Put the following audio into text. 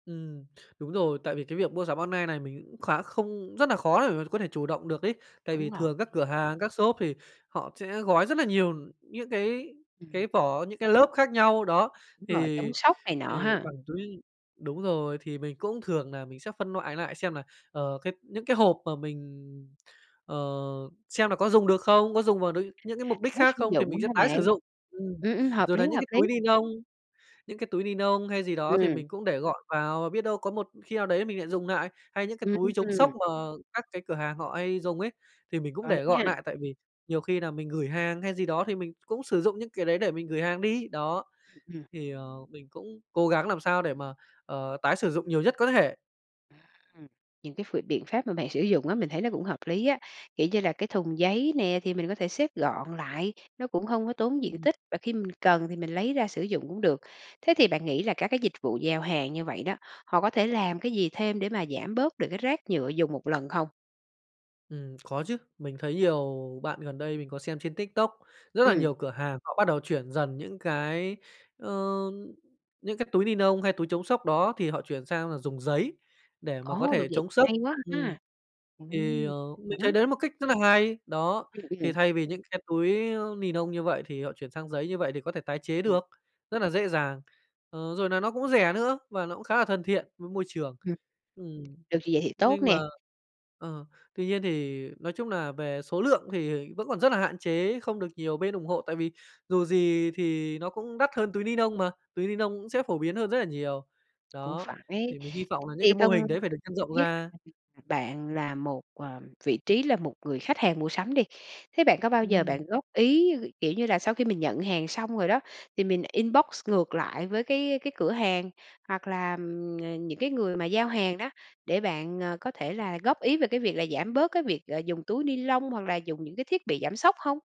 Ừm, đúng rồi. Tại vì cái việc mua sắm online này, mình cũng khá không, rất nà khó để mà có thể chủ động được ấy. Tại vì Đúng rồi. thường các cửa hàng, các shop thì họ sẽ gói rất là nhiều những cái Ừm. cái vỏ, những cái lớp khác nhau, đó, Đúng rồi, thì chống sốc này thì nọ ha. bằng túi đúng rồi, thì mình cũng, thường nà mình sẽ phân loại lại xem là, ờ, cái những cái hộp mà mình, ờ xem là có dùng được không, có dùng vào n những cái A, mục đích tái khác sử không, thì dụng mình sẽ hả tái bạn? sử dụng, ừm, Ừm, ừm, hợp rồi là lý, những hợp cái lý. túi ni nông những cái túi ni nông hay gì đó thì Ừm. mình cũng để gọn vào và biết đâu có một khi nào đấy mình lại dùng nại hay những cái túi chống sốc Ừm. mà các cái cửa hàng họ hay dùng ấy, thì mình cũng Có để lý gọn ha. nại tại vì nhiều khi nà mình gửi hàng hay gì đó, thì mình cũng sử dụng những cái đấy để mình gửi hàng đi, đó. Ừm. Thì, ờ, mình cũng cố gắng làm sao để mà, ờ, tái sử dụng nhiều nhất có thể. Ừm, những cái ph biện pháp mà bạn sử dụng á, mình thấy nó cũng hợp lý á, kiểu như là cái thùng giấy nè, thì mình có thể xếp gọn lại, nó cũng hông có tốn diện Ừm. tích, và khi mình cần thì mình lấy ra sử dụng cũng được. Thế thì bạn nghĩ là các cái dịch vụ giao hàng như vậy đó, họ có thể làm cái gì thêm để mà giảm bớt được cái rác nhựa dùng 1 lần không? Ừm, có chứ. Mình thấy nhiều bạn, gần đây mình có xem trên TikTok, rất là Ừm. nhiều cửa hàng họ bắt đầu chuyển dần những cái, ơ, những cái túi ni nông hay túi chống sốc đó, thì họ chuyển sang là dùng giấy, để mà có Ồ, được thể vậy chống thì sốc, hay quá ừm, ha. thì, Ừm, ờ, mình thấy hả? đấy là một cách rất là hay, đó. Ừm, Thì ừm. thay vì những cái túi ni nông như vậy thì họ chuyển sang giấy như vậy thì có thể tái chế Ừm. được rất là dễ dàng, ờ, rồi nà nó cũng rẻ nữa, và nó cũng khá là thân thiện với môi trường, Ừm, ừm. được vậy thì tốt Nhưng mà, nè. ờ, tuy nhiên, thì nói chung nà về số lượng, thì vẫn còn rất là hạn chế, không được nhiều bên ủng hộ, tại vì dù gì thì nó cũng đắt hơn túi ni nông mà, túi ni nông cũng sẽ phổ biến hơn rất là nhiều. Cũng Đó, phải. thì mình hi vọng là những cái Thì mô không hình đấy phải được nhân rộng biết [unintelligible] ra. bạn là một, ờ, vị trí là một người khách hàng mua sắm đi, thế bạn có bao giờ Ừm. bạn góp ý, kiểu như là, sau khi mình nhận hàng xong rồi đó, thì mình inbox ngược lại với cái cái cửa hàng, hoặc là, ừm, những cái người mà giao hàng đó, để bạn, ờ, có thể là góp ý về cái việc là giảm bớt cái việc, ờ, dùng túi ni lông, hoặc là dùng những cái thiết bị giảm sốc hông?